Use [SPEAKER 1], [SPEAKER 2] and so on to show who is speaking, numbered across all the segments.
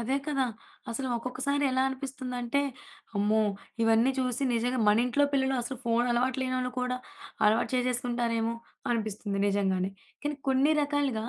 [SPEAKER 1] అదే కదా! అసలు ఒక్కొక్కసారి ఎలా అనిపిస్తుందంటే, అమ్మో! ఇవన్నీ చూసి నిజంగా, మనింట్లో పిల్లలు అసలు ఫోనలవాటు లేనోళ్ళు కూడా, అలవాటు చేసేసుకుంటారేమో! అనిపిస్తుంది నిజంగానే. కానీ, కొన్ని రకాలుగా,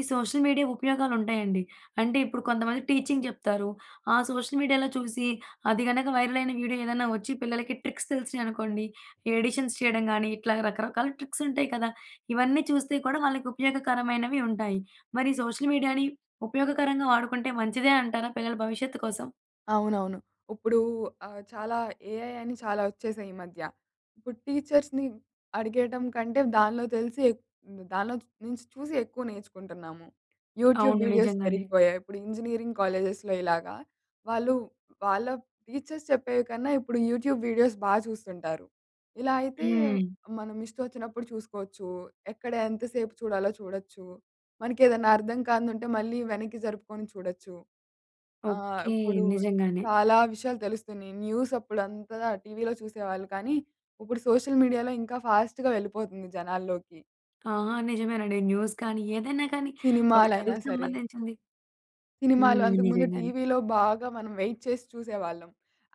[SPEAKER 1] ఈ సోషల్ మీడియా ఉపయోగాలుంటాయండి. అంటే, ఇప్పుడు కొంతమంది టీచింగ్ జెప్తారు, ఆ సోషల్ మీడియాలో చూసి, అది గనక వైరలయిన వీడియో ఏదన్నా వచ్చి, పిల్లలకి ట్రిక్స్ తెలిసినియి అనుకోండి, ఈ ఎడిషన్స్ చేయడం గానీ, ఇట్లాగ రకరకాల ట్రిక్సుంటాయి కదా! ఇవన్నీ చూస్తే కూడా, వాళ్ళకుపయోగకరమైనవి ఉంటాయి. మరి సోషల్ మీడియాని ఉపయోగకరంగా వాడుకుంటే, మంచిదే అంటారా? పిల్లల భవిష్యత్తు కోసం.
[SPEAKER 2] అవునవును. ఉప్పుడూ ఆహ్, చాలా ఏఐ అని చాలా ఒచ్చేసాయి ఈ మధ్య. ఇప్పుడు టీచర్స్‌ని అడిగేయటంకంటే, దానిలో తెలిసి ఎక్ హ్మ్. దానిలోంచి నించి చూసి ఎక్కువ నేర్చుకుంటున్నాము. యూట్యూబ్
[SPEAKER 1] అవును.
[SPEAKER 2] వీడియోస్
[SPEAKER 1] నిజంగానే.
[SPEAKER 2] పెరిగిపోయాయి, ఇప్పుడు ఇంజినీరింగ్ కాలేజెస్‌లో ఇలాగా, వాళ్ళు వాళ్ళ టీచర్స్ చెప్పేవి కన్నా, ఇప్పుడు యూట్యూబ్ వీడియోస్ బా చూస్తుంటారు. ఇలా అయితే,
[SPEAKER 1] హ్మ్.
[SPEAKER 2] మనం ఇష్టమోచ్చినప్పుడు చూసుకోవచ్చూ, ఎక్కడ ఎంత సేపు చూడాలో చూడొచ్చు, మనకేదన్నా అర్థం కానిదుంటే, మళ్ళీ వెనక్కి జరుపుకొని చూడొచ్చు. ఆహ్,
[SPEAKER 1] ఓకే.
[SPEAKER 2] ఇప్పుడూ
[SPEAKER 1] నిజంగానే.
[SPEAKER 2] కాలా విషయాలు తెలుస్తున్నియి. న్యూసప్పుడంతా టీవీలో చూసేవాళ్ళు, కానీ, ఉప్పుడు సోషల్ మీడియాలో ఇంకా ఫాస్ట్‌గా వెళ్ళిపోతుంది జనాల్లోకి.
[SPEAKER 1] ఆ! నిజమేనండి, న్యూస్ కానీ, ఏదైనా కానీ, ఒక
[SPEAKER 2] సినిమాలయినా
[SPEAKER 1] చదువుకి
[SPEAKER 2] సరే.
[SPEAKER 1] సంబంధించింది.
[SPEAKER 2] సినిమాలు,
[SPEAKER 1] హ్మ్.
[SPEAKER 2] అంతకు ముందు
[SPEAKER 1] నిజంగానే.
[SPEAKER 2] టీవీలో బాగా మనం వెయిట్ చేసి చూసేవాళ్ళం.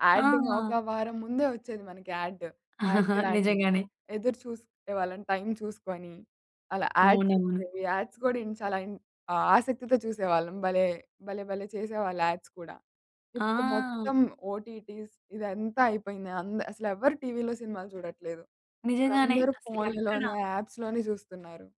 [SPEAKER 2] యాడ్డేమో
[SPEAKER 1] ఆ!
[SPEAKER 2] ఒక వారం ముందే ఒచ్చేది మనకి యాడ్డు. యాడ్సిలాంటివి.
[SPEAKER 1] నిజంగానే.
[SPEAKER 2] ఎదురు చూస్తుండే వాళ్ళం టైం చూసుకొని. అలా
[SPEAKER 1] అవునవును.
[SPEAKER 2] యాడ్సొచ్చేవి, యాడ్స్ గూడా ఇన్ చాలా ఇన్ ఆసక్తితో చూసేవాళ్ళం. భలే! భలే భలే! చేసేవాళ్ళు యాడ్స్ కూడా. ఇప్పుడు
[SPEAKER 1] ఆ!
[SPEAKER 2] మొత్తం ఓటీటీస్ ఇదంతా అయిపోయింది అంద్ అసలెవ్వరు టీవీలో సినిమాలు జూడట్లేదు.
[SPEAKER 1] నిజంగానే.
[SPEAKER 2] ఇప్పుడందరు
[SPEAKER 1] అసలు ఎక్కడా
[SPEAKER 2] ఫోనుల్లోనే, యాప్స్‌లోనే జూస్తున్నారు.